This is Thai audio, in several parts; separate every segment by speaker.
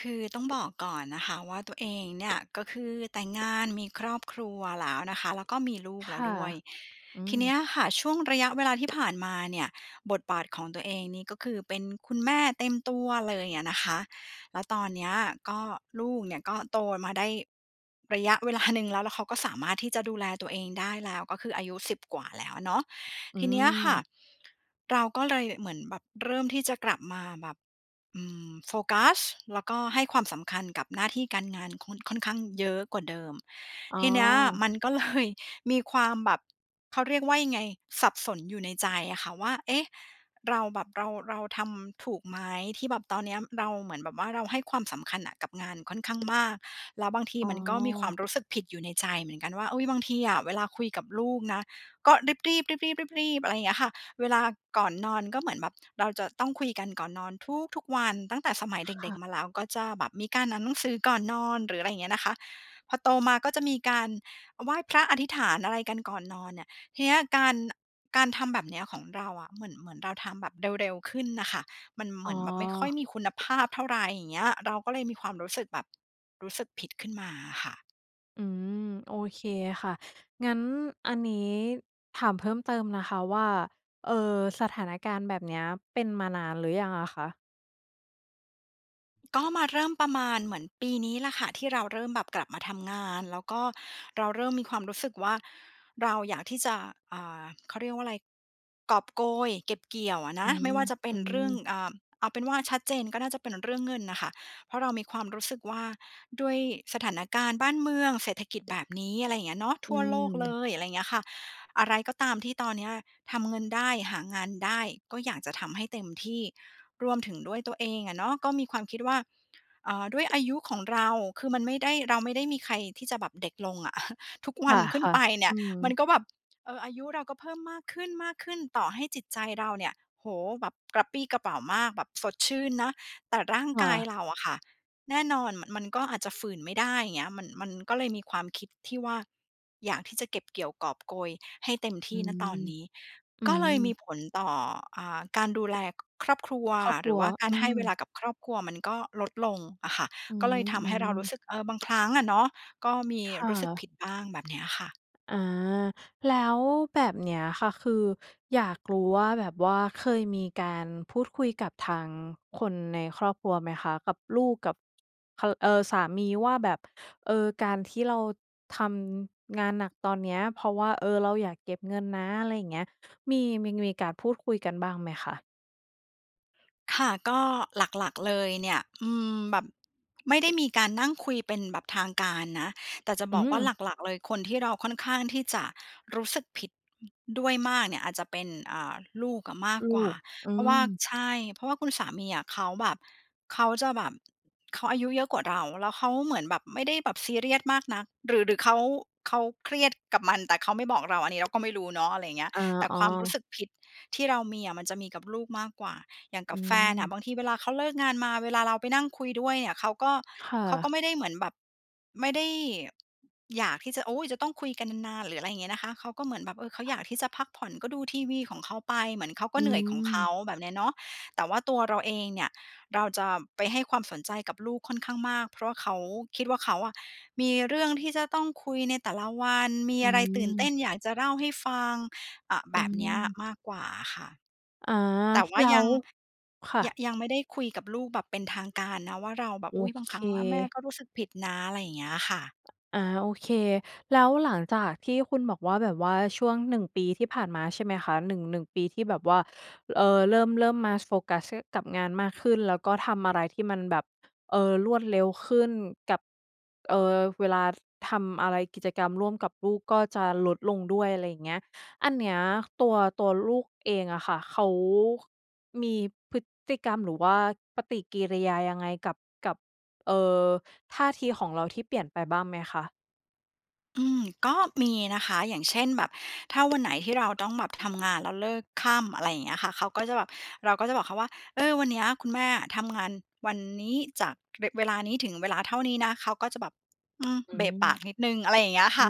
Speaker 1: คือต้องบอกก่อนนะคะว่า ตัวเองเนี่ย ก็คือแต่งงาน มีครอบครัวแล้วนะคะ แล้วก็มีลู
Speaker 2: ค
Speaker 1: กแล้ว
Speaker 2: ่ะ
Speaker 1: ด้วย
Speaker 2: อื
Speaker 1: ทีเนี
Speaker 2: ม
Speaker 1: ้ยค่ะ ช่วงระยะเวลาที่ ผ่านมาเนี่ย บทบาทของตัวเองนี่ ก็คือ เป็นคุณแม่เต็มตัวเลยอะนะคะ แล้วตอนเนี้ยก็ลูกเนี่ย ก็โตมาได้ระยะ เวลา หนึ่งแล้ว แล้วเขาก็สามารถที่จะดูแลตัวเองได้แล้ว ก็คืออายุ 10 กว่าแล้วเนาะ
Speaker 2: อื
Speaker 1: ทีเนี้ยค่ะ
Speaker 2: ม
Speaker 1: เราก็เลยเหมือนแบบเริ่มที่จะกลับมาแบบ อืม โฟกัส แล้วก็ให้ความสำคัญกับหน้าที่การงานค่อน ค่อนข้างเยอะกว่าเดิม
Speaker 2: อ๋
Speaker 1: ทีเนี้ย
Speaker 2: อ
Speaker 1: มัน ก็เลย มีความแบบ เขาเรียกว่ายังไง สับสนอยู่ในใจอะค่ะว่า เอ๊ะ เราแบบ เรา เราทำถูกไหม? ที่แบบตอนเนี้ยเราเหมือนแบบว่า เราให้ความสำคัญอะกับงานค่อน ข้างมาก แล้วบางที
Speaker 2: อ๋อ
Speaker 1: มันก็มีความรู้สึกผิดอยู่ในใจเหมือนกันว่า เอ๊ย บางทีอะ เวลาคุยกับลูกนะ ก็รีบ ๆ รีบ ๆ รีบ ๆ อะไรเงี้ยค่ะ เวลาก่อนนอนก็เหมือนแบบเราจะต้องคุยกันก่อนนอนทุก ๆ วัน ตั้งแต่สมัยเ
Speaker 2: ค
Speaker 1: ด็
Speaker 2: ่
Speaker 1: ก
Speaker 2: ะ
Speaker 1: ๆ มาแล้ว ก็จะแบบมีการอ่านหนังสือก่อนนอน หรืออะไร อย่างเงี้ยนะคะ พอโตมาก็จะมีการไหว้พระอธิษฐาน อะไรกันก่อนนอนเนี่ย ทีเนี้ยการ การทำแบบเนี้ยของเราอะ เหมือน เหมือนเราทำแบบเร็ว ๆ ขึ้นน่ะค่ะ มันเห
Speaker 2: อ
Speaker 1: ม
Speaker 2: ๋
Speaker 1: ื
Speaker 2: อ
Speaker 1: อนแบบไม่ค่อยมีคุณภาพ เท่าไร อย่างเงี้ย เราก็เลยมีความรู้สึกแบบ รู้สึกผิดขึ้นมาอะค่ะ
Speaker 2: อืม โอเคค่ะ งั้นอันนี้ถามเพิ่มเติมนะคะว่า เอ่อ สถานการณ์แบบเนี้ยเป็นมานานหรือยังอะคะ?
Speaker 1: ก็มาเริ่มประมาณเหมือนปีนี้แหละค่ะ ที่เราเริ่มแบบกลับมาทำงาน แล้วก็เราเริ่มมีความรู้สึกว่า เราอยากที่จะ อ่า เขาเรียกว่าอะไร กอบโกยเก็บเกี่ยวอะน
Speaker 2: อื
Speaker 1: ะ ไม
Speaker 2: ม
Speaker 1: ่ว่าจะเป็
Speaker 2: อื
Speaker 1: นเรื่อง
Speaker 2: ม
Speaker 1: อ่า เอาเป็นว่าชัดเจนก็น่าจะเป็นเรื่องเงินน่ะค่ะ เพราะเรามีความรู้สึกว่า ด้วยสถานการณ์บ้านเมือง เศรษฐกิจ แบบนี้ อะไรอย่างเงี้ยเนาะ
Speaker 2: อ
Speaker 1: ทั่วโลก เล
Speaker 2: ืม
Speaker 1: ย อะไรอย่างเงี้ยค่ะ อะไรก็ตามที่ตอนเนี้ยทำเงินได้ หางานได้ ก็อยากจะทำให้เต็มที่ รวมถึงด้วยตัวเองอะเนาะ ก็มีความคิดว่า เอ่อ ด้วย อายุของเรา คือมันไม่ได้ เราไม่ได้มีใครที่จะแบบเด็กลงอะ ทุกว
Speaker 2: ค
Speaker 1: ันขึ้น
Speaker 2: ่ะ
Speaker 1: ไปเน
Speaker 2: ๆ
Speaker 1: ี
Speaker 2: อื
Speaker 1: ่ยมัน
Speaker 2: ม
Speaker 1: ก็แบบ เอ่อ อายุเราก็เพิ่มมากขึ้น ๆ ต่อให้จิตใจเราเนี่ย โอ้โฮ แบบกระปรี้กระเปร่ามาก แบบสดชื่นเนาะ แต่ร่าง
Speaker 2: ค่
Speaker 1: กาย
Speaker 2: ะ
Speaker 1: เราอะค่ะ แน่นอน ม มันก็อาจจะฝืนไม่ได้ อย่างเงี้ย มัน มันก็เลยมีความคิดที่ว่า อยากที่จะเก็บเกี่ยวกอบโกยให้เต็มท
Speaker 2: อ
Speaker 1: ี
Speaker 2: ื
Speaker 1: ่ ณ ตอน
Speaker 2: ม
Speaker 1: นี้
Speaker 2: อื
Speaker 1: ก็เลยมี
Speaker 2: ม
Speaker 1: ผลต่อ อ่า การดูแลครอบครัว
Speaker 2: ครอบค
Speaker 1: หร
Speaker 2: ร
Speaker 1: ื
Speaker 2: ั
Speaker 1: อ
Speaker 2: ว
Speaker 1: ว่ากา
Speaker 2: อื
Speaker 1: รให้เว
Speaker 2: ม
Speaker 1: ลากับครอบครัวมันก็ลดลงอะค่ะ
Speaker 2: อื
Speaker 1: ก็เลยทำให้เรา
Speaker 2: ม
Speaker 1: รู้
Speaker 2: ๆ
Speaker 1: สึก เออ บางครั้งอะเนาะ ก็มี
Speaker 2: ค่
Speaker 1: รู้สึกผ
Speaker 2: ะ
Speaker 1: ิดบ้าง แบบเนี้ยค่ะ
Speaker 2: อา แล้วแบบเนี้ยค่ะ คืออยากรู้ว่าแบบว่าเคยมีการพูดคุยกับทาง คนในครอบครัวไหมคะ กับลูก กับ ค เอ่อ สามีว่าแบบ เอ่อ การที่เราทำงานหนักตอนเนี้ย เพราะว่า เออ เราอยากเก็บเงินนะ อะไรอย่างเงี้ย มี มี ง มีการพูดคุยกันบ้างไหมคะ?
Speaker 1: ค่ะ ก็หลัก ๆ เลยเนี่ย อืม แบบ ไม่ได้มีการนั่งคุยเป็นแบบทางการนะ แต่จะ
Speaker 2: อ
Speaker 1: บ
Speaker 2: ื
Speaker 1: อกว่า
Speaker 2: ม
Speaker 1: หลัก ๆ เลย คนที่เราค่อนข้างที่จะรู้สึกผิด อ ด้วยมากเนี่ย อาจจะเป็น อ่า ลูกอะมาก
Speaker 2: ลู
Speaker 1: กว่า
Speaker 2: ก อื
Speaker 1: เพราะว่
Speaker 2: ม
Speaker 1: า ใช่ เพราะว่าคุณสามีอะเขาแบบ เขาจะแบบ เขาอายุเยอะกว่าเรา แล้วเขาเหมือนแบบไม่ได้แบบซีเรียสมากนัก หรือ หรือเขา เขาเครียดกับมันแต่เขาไม่บอกเรา อันนี้ เราก็ไม่รู้เนาะ อะไรอย่างเงี้ย
Speaker 2: อา
Speaker 1: แต่
Speaker 2: อ๋
Speaker 1: ความรู้
Speaker 2: อ
Speaker 1: สึกผิดที่เรามีอะ มันจะมีกับลูกมากกว่า อย่างก
Speaker 2: อ
Speaker 1: ั
Speaker 2: ื
Speaker 1: บแฟนอะ
Speaker 2: ม
Speaker 1: บางทีเวลาเขาเลิกงานมา เวลาเราไปนั่งคุยด้วยเนี่ย เขาก็
Speaker 2: ค่
Speaker 1: เขา
Speaker 2: ะ
Speaker 1: ก็ไม่ได้เหมือนแบบ ไม่ได้อยากที่จะ โอ้! จะต้องคุยกันนาน ๆ หรือ อะไรอย่างเงี้ยนะคะ เขาก็เหมือนแบบ เอ่อ เขาอยากที่จะพักผ่อน ก็ดูทีวีของเขาไป เหมือนเขาก
Speaker 2: อ
Speaker 1: ็
Speaker 2: ื
Speaker 1: เหนื่อยของเขา
Speaker 2: ม
Speaker 1: แบบนี้เนาะ แต่ว่าตัวเราเองเนี่ย เราจะไปให้ความสนใจกับลูกค่อนข้างมาก เพราะเขา คิดว่าเขาอะมีเรื่องที่จะต้องคุยในแต่ละวัน มี
Speaker 2: อื
Speaker 1: อะไรตื่นเต้น
Speaker 2: ม
Speaker 1: อยากจะเล่าให้ฟัง อ่า แ
Speaker 2: อ
Speaker 1: บ
Speaker 2: ื
Speaker 1: บนี้
Speaker 2: ม
Speaker 1: มากกว่าอะค่ะ
Speaker 2: อา
Speaker 1: แต่ว่า
Speaker 2: แล้
Speaker 1: ยัง
Speaker 2: ว ค่
Speaker 1: ย
Speaker 2: ะ
Speaker 1: ยังไม่ได้คุยกับลูกแบบเป็นทางการนะว่าเราแบ
Speaker 2: โ
Speaker 1: บ
Speaker 2: อ
Speaker 1: "อุ๊ย บ
Speaker 2: เ
Speaker 1: างครั้งแม่
Speaker 2: ค
Speaker 1: ก็รู้สึกผิดนะ" อะไรอย่างเงี้ยค่ะ
Speaker 2: อา โอเค แล้วหลังจากที่คุณบอกว่า แบบว่าช่วง 1 ปีที่ผ่านมาใช่ไหมคะ หนึ่ง 1 ปีที่แบบว่า เอ่อ เริ่ม เริ่มมาโฟกัส อ กับงานมากขึ้น แล้วก็ทำอะไรที่มันแบบ เอ่อ รวดเร็วขึ้นกับ เอ่อ เวลาทำอะไรกิจกรรมร่วมกับลูกก็จะลดลงด้วย อะไรอย่างเงี้ย อันเนี้ยตัว ตัวลูกเองอะค่ะเขามีพฤติกรรมหรือว่าปฏิกิริยายังไงกับ กับ เอ่อ ท่าทีของเราที่เปลี่ยนไปบ้างไหมคะ?
Speaker 1: อืม ก็มีนะคะ อย่างเช่นแบบถ้าวัน ไหนที่เราต้องแบบทำงานแล้วเลิกค่ำ อะไรอย่างเงี้ยค่ะ เขาก็ จะแบบ เราก็จะบอกเขาว่า "เออ วันนี้คุณแม่อะทำงานวันนี้จาก เว เวลานี้ถึงเวลาเท่านี้นะ" เขาก็จะแบบ อืม
Speaker 2: อื
Speaker 1: เบะปาก
Speaker 2: ม
Speaker 1: นิดหนึ่ง อะไรอย่างเงี้ยค
Speaker 2: อื
Speaker 1: ่ะ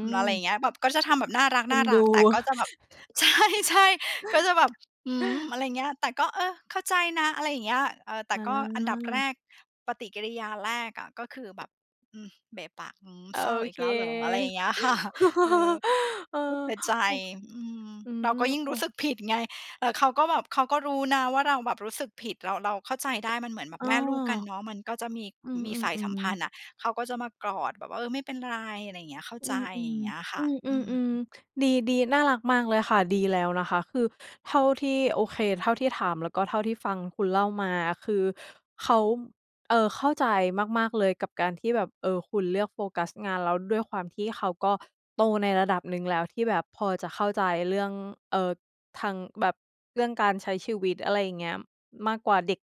Speaker 1: อ อะไรอย่างเงี้ย แบบ ก็จะทำแบบน่าร
Speaker 2: เอ็นด
Speaker 1: ัก
Speaker 2: ู
Speaker 1: ๆ แต่ก็จะแบบ ใช่ ๆ ก็จะแบบ อืม อะไรอย่างเงี้ย แต่ก็ เออ เข้าใจนะ อะไรอย่างเงี้ย เออ แต่
Speaker 2: อ
Speaker 1: ก็อันดับแร
Speaker 2: า
Speaker 1: ก ปฏิกิริยาแรกอะ ก็คือแบบ อือ เบะปาก อืม
Speaker 2: โอ
Speaker 1: เศร้าอี
Speaker 2: เ
Speaker 1: ก
Speaker 2: ค
Speaker 1: แล้วเหรอ อะไรอย่างเงี้ย ค่ะ เออ
Speaker 2: เออ
Speaker 1: ก็เสียใจ
Speaker 2: โอ้
Speaker 1: อืม
Speaker 2: อื
Speaker 1: เรา
Speaker 2: ม
Speaker 1: ก็ยิ่ง
Speaker 2: โอ้
Speaker 1: รู้สึกผิดไง แต่เขาก็แบบ เขาก็รู้นะว่าเราแบบรู้สึกผิด เรา เราเข้าใจได้มันเหมือนแบ
Speaker 2: เ
Speaker 1: บ
Speaker 2: ออ
Speaker 1: แม่ลูกกันเนาะ มันก็จะมี
Speaker 2: อื
Speaker 1: มีสายสัม
Speaker 2: อ
Speaker 1: พ
Speaker 2: ๆ
Speaker 1: ันธ
Speaker 2: ๆ
Speaker 1: ์อะ เขาก็จะมากอดแบบว่า เออ ไม่เป็นไร อะไรอย่างเงี้ย เข้า
Speaker 2: อ
Speaker 1: ใจ
Speaker 2: ือ ๆ
Speaker 1: อย่างเงี้ยค่
Speaker 2: อ
Speaker 1: ะ
Speaker 2: ือ
Speaker 1: อื
Speaker 2: ๆ อืม
Speaker 1: ม
Speaker 2: ดี ๆ น่ารักมากเลยค่ะ ดีแล้วนะคะ คือเท่าที่ โอเค เท่าที่ถาม แล้วก็เท่าที่ฟังคุณเล่ามาคือเขา เอ่อ เข้าใจมาก ๆ เลยกับการที่แบบ เอ่อ คุณเลือกโฟกัสงาน แล้วด้วยความที่เขาก็โตในระดับหนึ่งแล้วที่แบบพอจะเข้าใจเรื่อง เอ่อ ทางแบบ เรื่องการใช้ชีวิต อะไรอย่างเงี้ย มากกว่าเด็ก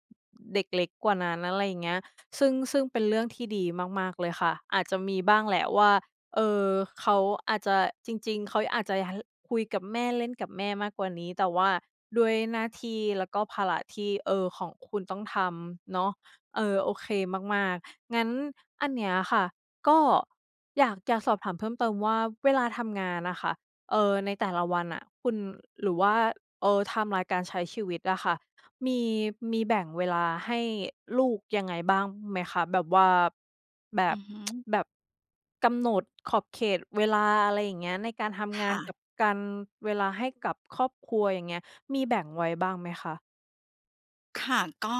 Speaker 2: เด็กเล็กกว่านั้น อะไรอย่างเงี้ย ซึ่ง ซึ่งเป็นเรื่องที่ดีมาก ๆ เลยค่ะ อาจจะมีบ้างแหละว่า เออ เขาอาจจะ จริง ๆ เขาอาจจะ ฮ คุยกับแม่ เล่นกับแม่มากกว่านี้ แต่ว่าด้วยหน้าที่ แล้วก็ภาระที่ เอ่อ ของคุณต้องทำ เนาะ เออ โอเคมาก ๆ งั้นอันเนี้ยค่ะก็อยากจะสอบถามเพิ่มเติมว่า เวลาทำงานอะค่ะ เออ ในแต่ละวันอะคุณ หรือว่า เออ ไทม์ไลน์ การใช้ชีวิตอะค่ะ มี มีแบ่งเวลาให้ลูกยังไงบ้างไหมคะ แบบว่า แบ
Speaker 1: อื
Speaker 2: บ
Speaker 1: อฮึ
Speaker 2: แบบกำหนดขอบเขตเวลา อะไรอย่างเงี้ย ในการท
Speaker 1: ค
Speaker 2: ำงาน
Speaker 1: ่ะ
Speaker 2: กับการ เวลาให้กับครอบครัว อย่างเงี้ย มีแบ่งไว้บ้างไหมคะ?
Speaker 1: ค่ะ ก็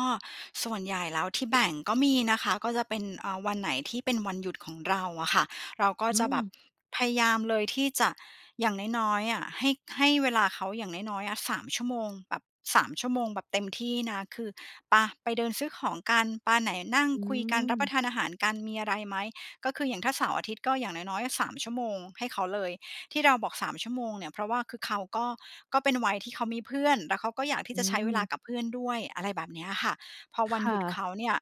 Speaker 1: ส่วนใหญ่แล้วที่แบ่งก็มีนะคะ ก็จะเป็น อา วันไหนที่เป็นวันหยุดของเราอะค่ะ เราก็
Speaker 2: อื
Speaker 1: จะแบบ
Speaker 2: ม
Speaker 1: พยายามเลยที่จะ อย่างน้อย ๆ อะ ให้ ให้เวลาเขาอย่างน้อย ๆ อะ 3 ชั่วโมง แบบ 3 ชั่วโมงแบบเต็มที่นะ คือ "ปะ ไปเดินซื้อของกัน ปะ ไหนนั่ง
Speaker 2: อื
Speaker 1: คุยกัน รับป
Speaker 2: ม
Speaker 1: ระทานอาหารกัน มีอะไรไหม?" ก็คืออย่างถ้าเสาร์อาทิตย์ ก็อย่างน้อย ๆ 3 ชั่วโมงให้เขาเลย ที่เราบอก 3 ชั่วโมงเนี่ย เพราะว่าคือเขาก็ ก็เป็นวัยที่เขามีเพื่อนแล้วเขาก็อยากที
Speaker 2: อื
Speaker 1: ่จะใช้เวลา
Speaker 2: ม
Speaker 1: กับเพื่อนด้วย อะไรแบบเนี้ยอะค่ะ พอว
Speaker 2: ค
Speaker 1: ันห
Speaker 2: ่
Speaker 1: ยุด
Speaker 2: ะ
Speaker 1: เขาเนี่ย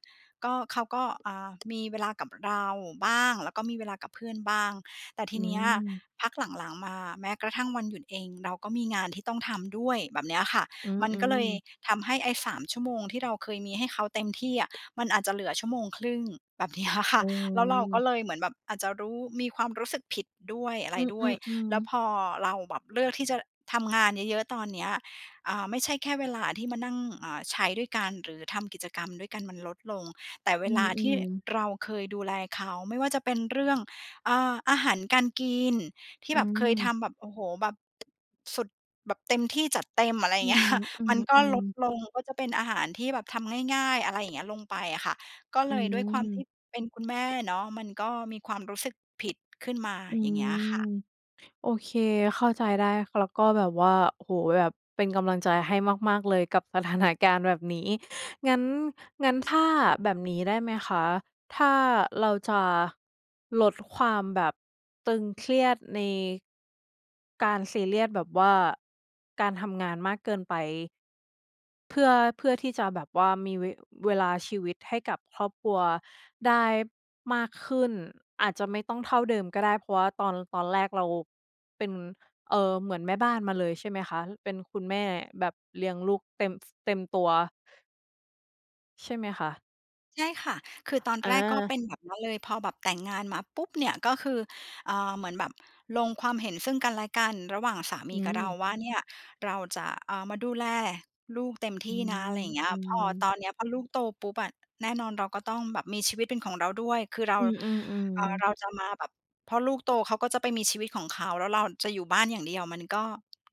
Speaker 1: ก็ เขาก็ อา มีเวลากับเราบ้าง แล้วก็มีเวลากับเพื่อนบ้าง แต่ที
Speaker 2: อื
Speaker 1: เนี้ย
Speaker 2: ม
Speaker 1: พักหลัง ๆ มา แม้กระทั่งวันหยุดเอง เราก็มีงานที่ต้องทำด้วย แบบเนี้ยอะค่ะ
Speaker 2: อื
Speaker 1: มันก็เล
Speaker 2: ม
Speaker 1: ย
Speaker 2: ๆ
Speaker 1: ทำให้ไอ้ 3 ชั่วโมงที่เราเคยมีให้เขาเต็มที่อะ มันอาจจะเหลือ 1.5 ชั่วโมง แบบเนี้ยอะค่
Speaker 2: อ
Speaker 1: ะ
Speaker 2: ื
Speaker 1: แล้วเราก็
Speaker 2: ม
Speaker 1: เลยเหมือนแบบอาจจะรู้ มีความรู้สึกผิดด้วย อะไ
Speaker 2: อ
Speaker 1: รด้
Speaker 2: ื
Speaker 1: วย แ
Speaker 2: อ
Speaker 1: ล้ว
Speaker 2: ๆ ๆ
Speaker 1: พอเราแบบเลือกที่จะทำงานเยอะ ๆ ตอนเนี้ย อา ไม่ใช่แค่เวลาที่มานั่ง อา ใช้ด้วยกัน หรือทำกิจกรรมด้วยกันมันลดลง แต่เว
Speaker 2: อื
Speaker 1: ลาที่
Speaker 2: ม ๆ
Speaker 1: เราเคยดูแลเขา ไม่ว่าจะเป็นเรื่อง อา อาหารการกิน ที่
Speaker 2: อื
Speaker 1: แบบเคย
Speaker 2: ม
Speaker 1: ทำแบบ โอ้โฮ แบบ สุด แบบเต็มที่ จัดเต็ม อะไรอย
Speaker 2: อ
Speaker 1: ่
Speaker 2: ื
Speaker 1: าง เงี้
Speaker 2: ม
Speaker 1: ย
Speaker 2: อื
Speaker 1: มันก็ล
Speaker 2: ม
Speaker 1: ด
Speaker 2: ๆ
Speaker 1: ลง ก็จะเป็นอาหารที่แบบทำง่าย ๆ อะไรอย่าง เงี้ย ลงไปอะค่ะ ก็
Speaker 2: อ
Speaker 1: เ
Speaker 2: ื
Speaker 1: ลยด้วยความที่
Speaker 2: ม
Speaker 1: เป็นคุณแม่เนาะ มันก็มีความรู้สึกผิดขึ้นมา
Speaker 2: อื
Speaker 1: อย่างเงี้ยอะค
Speaker 2: ม
Speaker 1: ่ะ
Speaker 2: โอเค เข้าใจได้ แล้วก็แบบว่า โอ้โฮ แบบเป็นกำลังใจให้มาก ๆ เลยกับสถานการณ์แบบนี้ งั้น งั้นถ้าแบบนี้ได้ไหมคะ ถ้าเราจะลดความแบบตึงเครียดใน การซีเรียสแบบว่าการทำงานมากเกินไป เพื่อ เพื่อที่จะแบบว่ามี เว เวลาชีวิตให้กับครอบครัวได้มากขึ้น อาจจะไม่ต้องเท่าเดิมก็ได้ เพราะว่าตอน ตอนแรกเราเป็น เออ เหมือนแม่บ้านมาเลยใช่ไหมคะ? เป็นคุณแม่แบบเลี้ยงลูกเต็ม ส เต็มตัว ใช่ไหมคะ?
Speaker 1: ใช่ค่ะ คือตอน
Speaker 2: อ
Speaker 1: แรกก็เป
Speaker 2: า
Speaker 1: ็นแบบนั้นเลย พอแบบแต่งงานมาปุ๊บเนี่ย ก็คือ อ่า เหมือนแบบลงความเห็นซึ่งกันและกันระหว่างสาม
Speaker 2: อ
Speaker 1: ี
Speaker 2: ื
Speaker 1: กับเรา
Speaker 2: ม
Speaker 1: ว่า เนี่ยเราจะ อ่า มาดูแลลูกเต็มท
Speaker 2: อื
Speaker 1: ี่นะ
Speaker 2: ม
Speaker 1: อะไรอย่างเงี้ย
Speaker 2: อื
Speaker 1: พอ
Speaker 2: ม
Speaker 1: ตอนเนี้ยพอลูกโตปุ๊บอะ แน่นอนเราก็ต้องแบบมีชีวิตเป็นของเราด้วย คือเรา
Speaker 2: อืม
Speaker 1: เอ่อ เ
Speaker 2: ๆ ๆ
Speaker 1: ราจะมาแบบ เพราะลูกโตเขาก็จะไปมีชีวิตของเขา แล้วเราจะอยู่บ้านอย่างเดียว มันก็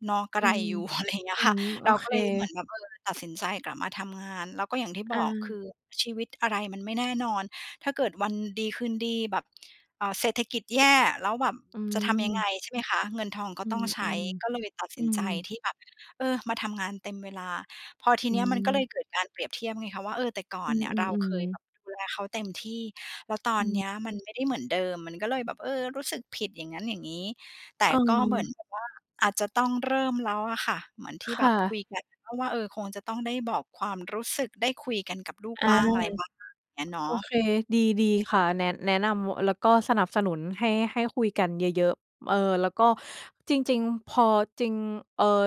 Speaker 1: เนาะ กระ
Speaker 2: อื
Speaker 1: ไร
Speaker 2: ม
Speaker 1: อยู่ อะไร อย่างเงี้
Speaker 2: อ
Speaker 1: ย
Speaker 2: ื
Speaker 1: ค่ะ
Speaker 2: ม โอ
Speaker 1: เรา
Speaker 2: เ
Speaker 1: ก
Speaker 2: ค
Speaker 1: ็เลยเหมือนแบบ เออ ตัดสินใจกลับมาทำงาน แล้วก็อย่างที่บ
Speaker 2: อ
Speaker 1: อก คื
Speaker 2: า
Speaker 1: อชีวิตอะไรมันไม่แน่นอน ถ้าเกิดวันดีคืนดี แบบ เอ่อ เศรษฐกิจแย่ แล้วแบบ
Speaker 2: อื
Speaker 1: จะทำยังไง
Speaker 2: ม
Speaker 1: ใช่ไหมคะ เงินทองก
Speaker 2: อ
Speaker 1: ็
Speaker 2: ื
Speaker 1: ต้อง
Speaker 2: ม
Speaker 1: ใช้ ก็เลยตัด
Speaker 2: ๆ
Speaker 1: ส
Speaker 2: อื
Speaker 1: ินใจ
Speaker 2: ม
Speaker 1: ที่แบบ เออ มาทำงานเต็มเวลา พอที
Speaker 2: อ
Speaker 1: เ
Speaker 2: ื
Speaker 1: นี้ยมันก็เล
Speaker 2: ม
Speaker 1: ยเกิดการเปรียบเทียบไงคะว่า เออ แต่ก่อ
Speaker 2: อื
Speaker 1: นเนี่ยเราเค
Speaker 2: ม
Speaker 1: ย
Speaker 2: ๆ ๆ
Speaker 1: แบบดูแลเขาเต็มที่ แล้วตอ
Speaker 2: อ
Speaker 1: นเน
Speaker 2: ืม
Speaker 1: ี้ยมันไม่ได้เหมือนเดิม มันก็เลยแบบ เออ รู้สึกผิดอย่างงั้น อย่างงี้ แต่
Speaker 2: เ
Speaker 1: ก็เหมือน
Speaker 2: ออ
Speaker 1: แบบว่า อาจจะต้องเริ่มแล้วอะค่ะ เหมือนที่
Speaker 2: ค
Speaker 1: แบ
Speaker 2: ่
Speaker 1: บค
Speaker 2: ะ
Speaker 1: ุยกัน ก็ว่า เออ คงจะต้องได้บอกความรู้สึก ได้คุยกันกับลูก
Speaker 2: อ
Speaker 1: บ
Speaker 2: า
Speaker 1: ้าง อะไรบ้าง งั้นเนา
Speaker 2: โอ
Speaker 1: ะ
Speaker 2: เค ดี ดีค่ะ แนะ แนะนำ ว แล้วก็สนับสนุนให้ ให้คุยกันเยอะ ๆ เออ แล้วก็จริง ๆ พอ จริง เออ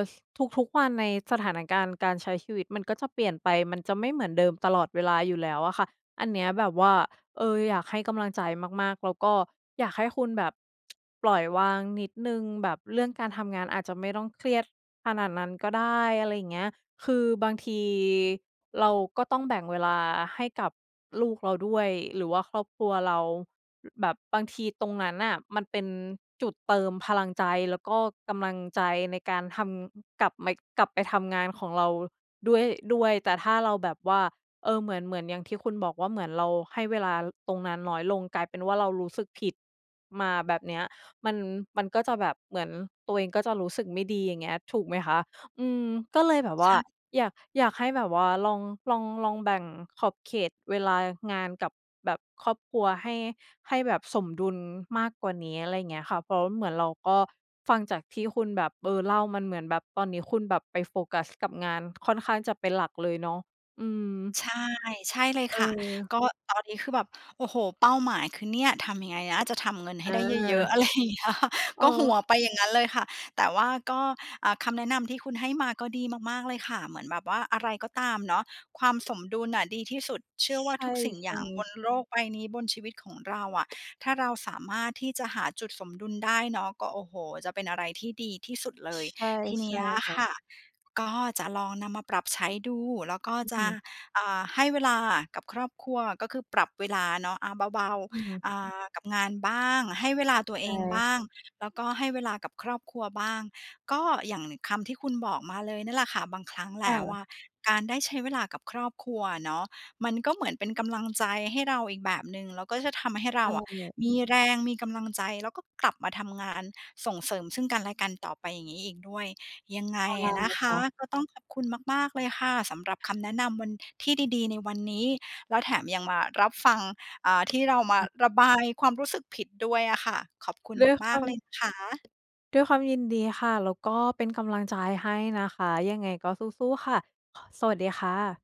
Speaker 2: ทุก ๆ วันในสถานการณ์การใช้ชีวิตมันก็จะเปลี่ยนไป มันจะไม่เหมือนเดิมตลอดเวลาอยู่แล้วอะค่ะ อันเนี้ยแบบว่า เออ อยากให้กำลังใจมาก ๆ แล้วก็อยากให้คุณแบบ ปล่อยวางนิดหนึ่ง แบบเรื่องการทำงานอาจจะไม่ต้องเครียดขนาดนั้นก็ได้ อะไรอย่างเงี้ย คือบางทีเราก็ต้องแบ่งเวลาให้กับลูกเราด้วย หรือว่าครอบครัวเรา ล แบบบางทีตรงนั้นน่ะมันเป็นจุดเติมพลังใจ แล้วก็กำลังใจในการทำ กลับไม่ กลับไปทำงานของเราด้วย ด้วย แต่ถ้าเราแบบว่า เออ เหมือน เหมือนอย่างที่คุณบอกว่า เหมือนเราให้เวลา ล ตรงนั้นน้อยลง กลายเป็นว่าเรารู้สึกผิดมา แบบเนี้ย มัน มันก็จะแบบ เหมือนตัวเองก็จะรู้สึกไม่ดี อย่างเงี้ย ถูกไหมคะ อืม ก็เลยแบบ
Speaker 1: ใ
Speaker 2: ว
Speaker 1: ช
Speaker 2: ่า
Speaker 1: ่
Speaker 2: อยาก อยากให้แบบว่าลอง ลอง ลองแบ่งขอบเขตเวลางานกับแบบครอบครัวให้ ให้แบบสมดุลมากกว่านี้ อะไรอย่างเงี้ยค่ะ เพราะ ร เหมือนเราก็ฟังจากที่คุณแบบ เออ เล่ามันเหมือนแบบตอนนี้คุณแบบไปโฟกัสกับงานค่อนข้างจะเป็นหลักเลยเนาะ อืม
Speaker 1: ใช่ ใช่เลยค่ะ
Speaker 2: เออ
Speaker 1: ก็ตอนนี้คือแบบ โอ้โฮ เป้าหมายคือ เนี่ยทำยังไงนะจะทำเงินให้
Speaker 2: อ
Speaker 1: ได้เยอะ
Speaker 2: า
Speaker 1: ๆ อะไรอย่างเงี้ยค่ะ
Speaker 2: อ
Speaker 1: ก
Speaker 2: ้
Speaker 1: ็หั
Speaker 2: อ
Speaker 1: วไปอย่างงั้นเลยค่ะ แต่ว่าก็ อ่า คำแนะนำที่คุณให้มาก็ดีมาก ๆ เลยค่ะ เหมือนแบบว่าอะไรก็ตามเนาะ ความสมดุลน่ะดีที่สุด เชื
Speaker 2: ช
Speaker 1: ่อว่
Speaker 2: ใ
Speaker 1: า
Speaker 2: ช
Speaker 1: ทุกสิ่งอย่
Speaker 2: ่
Speaker 1: างบ
Speaker 2: ๆ
Speaker 1: นโลกใบนี้ บนชีวิตของเราอะ ถ้าเราสามารถที่จะหาจุดสมดุลได้เนาะ ก็ โอ้โฮ จะเป็นอะไรที่ดีที่สุดเล
Speaker 2: ช
Speaker 1: ย
Speaker 2: ใช่
Speaker 1: ทีเน
Speaker 2: ใช
Speaker 1: ี้
Speaker 2: ่
Speaker 1: ย
Speaker 2: ค่
Speaker 1: ค
Speaker 2: ะ
Speaker 1: ่ะ ก็จะลองนำมาปรับใช้ดู แล้วก็
Speaker 2: อื้อ
Speaker 1: จ
Speaker 2: ฮ
Speaker 1: ะ
Speaker 2: ือ
Speaker 1: อ่า ให้เวลากับครอบครัว ก็คือปรับเวลาเนาะ อา เบา
Speaker 2: อืม
Speaker 1: ๆ อา กับงานบ้าง ให้เวลาตัว
Speaker 2: ใช
Speaker 1: เองบ
Speaker 2: ่
Speaker 1: ้าง แล้วก็ให้เวลากับครอบครัวบ้าง ก็อย่างคำที่คุณบอกมาเลยเนี่ยแหละค่ะ บางครั้งแล
Speaker 2: ค่
Speaker 1: ้ว
Speaker 2: ะ
Speaker 1: อะการได้ใช้เวลากับครอบครัวอะเนาะ มันก็เหมือนเป็นกำลังใจให้เราอีกแบบหนึ่ง แล้วก็จะทำให้เร
Speaker 2: ใ
Speaker 1: า
Speaker 2: ช
Speaker 1: อะ
Speaker 2: ่
Speaker 1: มีแรง มีกำลังใจ แล้วก็กลับมาทำงานส่งเสริมซึ่งกันและกันต่อไป อย่างงี้อีกด้วย ยังไง
Speaker 2: ใช่
Speaker 1: อะนะค
Speaker 2: ค
Speaker 1: ะ
Speaker 2: ่ะ
Speaker 1: ก็ต้องขอบคุณมาก ๆ เลยค่ะ สำหรับคำแนะนำวัน ที่ดี ๆ ในวันนี้ แล้วแถมยังมารับฟัง อ่า ที่เรามา
Speaker 2: อ
Speaker 1: ระบายความรู้สึกผิดด้วยอะค่ะ ขอบคุณ
Speaker 2: ด้วย
Speaker 1: ม
Speaker 2: ค
Speaker 1: า
Speaker 2: ว
Speaker 1: ก
Speaker 2: า
Speaker 1: ๆ เล
Speaker 2: ม
Speaker 1: ยนะคะ
Speaker 2: ด้วยความยินดีค่ะ แล้วก็เป็นกำลังใจให้นะคะ ยังไงก็สู้ ๆ ค่ะ ค สวัสดีค่ะ